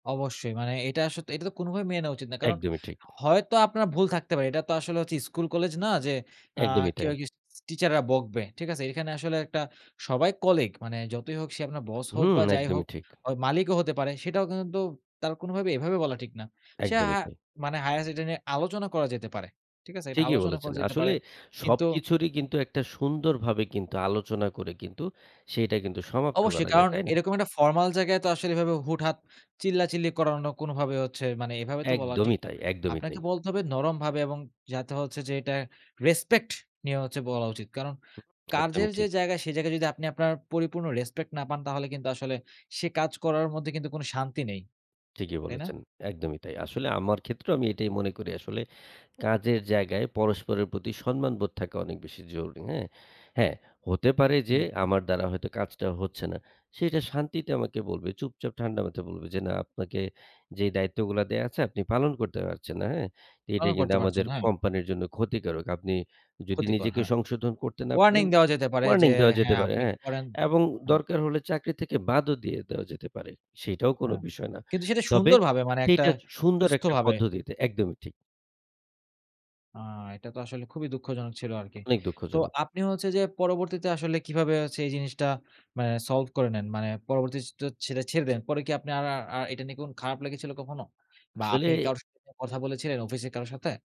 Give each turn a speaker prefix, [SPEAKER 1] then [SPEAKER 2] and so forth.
[SPEAKER 1] অবশ্যই। মানে এটা স এটা তো কোনোভাবেই মেনে নেওয়া উচিত না। কারণ
[SPEAKER 2] একদমই ঠিক।
[SPEAKER 1] হয়তো আপনার ভুল থাকতে পারে। এটা তো আসলে হচ্ছে স্কুল কলেজ না যে আ
[SPEAKER 2] একদমই
[SPEAKER 1] কেউ
[SPEAKER 2] তাই।
[SPEAKER 1] আরকি স টিচাররা বকবে। ঠিক আছে? এখানে আসলে একটা সবাই কলিগ। মানে যতই হোক সে আপনার বস হোক
[SPEAKER 2] হুম,
[SPEAKER 1] বা যাই
[SPEAKER 2] একদমই
[SPEAKER 1] হোক
[SPEAKER 2] ঠিক।
[SPEAKER 1] অ মালিকও হতে পারে সেটাও কিন্তু তার কোনোভাবে এভাবে বলা ঠিক না। সে
[SPEAKER 2] একদমই
[SPEAKER 1] হা
[SPEAKER 2] তাই।
[SPEAKER 1] মানে হাইয়েস্ট এটা নিয়ে আলোচনা করা যেতে পারে। ঠিক আছে? এটা
[SPEAKER 2] ঠিকই
[SPEAKER 1] আলোচনা
[SPEAKER 2] বলেছেন।
[SPEAKER 1] করা যেতে পারে,
[SPEAKER 2] আসলে
[SPEAKER 1] কিন্তু
[SPEAKER 2] সবকিছুরই কিন্তু একটা সুন্দর ভাবে কিন্তু আলোচনা করে কিন্তু সেইটা কিন্তু সমাপ্ত
[SPEAKER 1] অবশ্যই
[SPEAKER 2] করা যায়
[SPEAKER 1] কারণ
[SPEAKER 2] তাই না?
[SPEAKER 1] এরকম একটা ফরমাল জায়গায় তো আসলে এভাবে হুট-হাট চিল্লাচিল্লি করানো কোনোভাবে হচ্ছে মানে এভাবে তো বলা ঠিক
[SPEAKER 2] একদমই
[SPEAKER 1] না।
[SPEAKER 2] তাই, একদমই
[SPEAKER 1] আপনাকে
[SPEAKER 2] তাই।
[SPEAKER 1] বলতে হবে নরমভাবে এবং যাতে হচ্ছে যে এটা রেসপেক্ট নিয়ে হচ্ছে বলা উচিত। কারণ
[SPEAKER 2] হু, একদমই
[SPEAKER 1] কাজের যে
[SPEAKER 2] ঠিক।
[SPEAKER 1] জায়গা সে জায়গায় যদি আপনি আপনার পরিপূর্ণ রেসপেক্ট না পান তাহলে কিন্তু আসলে সে কাজ করার মধ্যে কিন্তু কোনো শান্তি নেই।
[SPEAKER 2] ঠিকই
[SPEAKER 1] তাই না?
[SPEAKER 2] বলেছেন। একদমই তাই। আসলে আমার ক্ষেত্রেও আমি এটাই মনে করি আসলে কাজের জায়গায় পরস্পরের প্রতি সম্মানবোধ থাকা অনেক বেশি জরুরি। হ্যাঁ? হ্যাঁ হতে পারে যে
[SPEAKER 1] হুম।
[SPEAKER 2] আমার দ্বারা হয়তো কাজটা হচ্ছে না। সে এটা শান্তিতে আমাকে বলবে চুপচাপ ঠান্ডা মাথায় বলবে। যে, "না আপনাকে যেই দায়িত্বগুলা দেয়া আছে আপনি পালন করতে পারছেন না। হ্যাঁ? এটা
[SPEAKER 1] পালন
[SPEAKER 2] কিন্তু
[SPEAKER 1] করতে
[SPEAKER 2] আমাদের
[SPEAKER 1] পারছেন, হ্যাঁ।
[SPEAKER 2] কোম্পানির জন্য ক্ষতিকারক। আপনি যদি
[SPEAKER 1] ক্ষতিকর,
[SPEAKER 2] নিজেকে
[SPEAKER 1] হ্যাঁ।
[SPEAKER 2] সংশোধন করতে না
[SPEAKER 1] ওয়ার্নিং
[SPEAKER 2] পারেন"
[SPEAKER 1] দেওয়া যেতে পারে যে
[SPEAKER 2] ওয়ার্নিং দেওয়া যেতে
[SPEAKER 1] হ্যাঁ,
[SPEAKER 2] পারে
[SPEAKER 1] আপনি
[SPEAKER 2] হ্যাঁ
[SPEAKER 1] একটু করেন।
[SPEAKER 2] এবং
[SPEAKER 1] হুম।
[SPEAKER 2] দরকার হলে চাকরি থেকে বাদও দিয়ে দেওয়া যেতে পারে। সেইটাও কোনো
[SPEAKER 1] হ্যাঁ।
[SPEAKER 2] বিষয় না।
[SPEAKER 1] কিন্তু সেটা
[SPEAKER 2] তবে
[SPEAKER 1] সুন্দরভাবে মানে একটা
[SPEAKER 2] সেইটা সুন্দর একটা
[SPEAKER 1] সুস্থভাবে।
[SPEAKER 2] পদ্ধতিতে একদমই ঠিক।
[SPEAKER 1] আ এটা তো আসলে খুবই দুঃখজনক ছিল আরকি।
[SPEAKER 2] অনেক
[SPEAKER 1] তো
[SPEAKER 2] দুঃখজনক।
[SPEAKER 1] আপনি হচ্ছে যে পরবর্তীতে আসলে কিভাবে হচ্ছে এই জিনিসটা মানে সলভ করে নেন মানে পরবর্তীতে তো সেটা ছেড়ে দেন। পরে কি আপনি আর আর এটা নিয়ে খারাপ লেগেছিল কখনো? বা আপনি
[SPEAKER 2] আসলে
[SPEAKER 1] কারো সাথে কথা বলেছিলেন অফিসে কারো সাথে?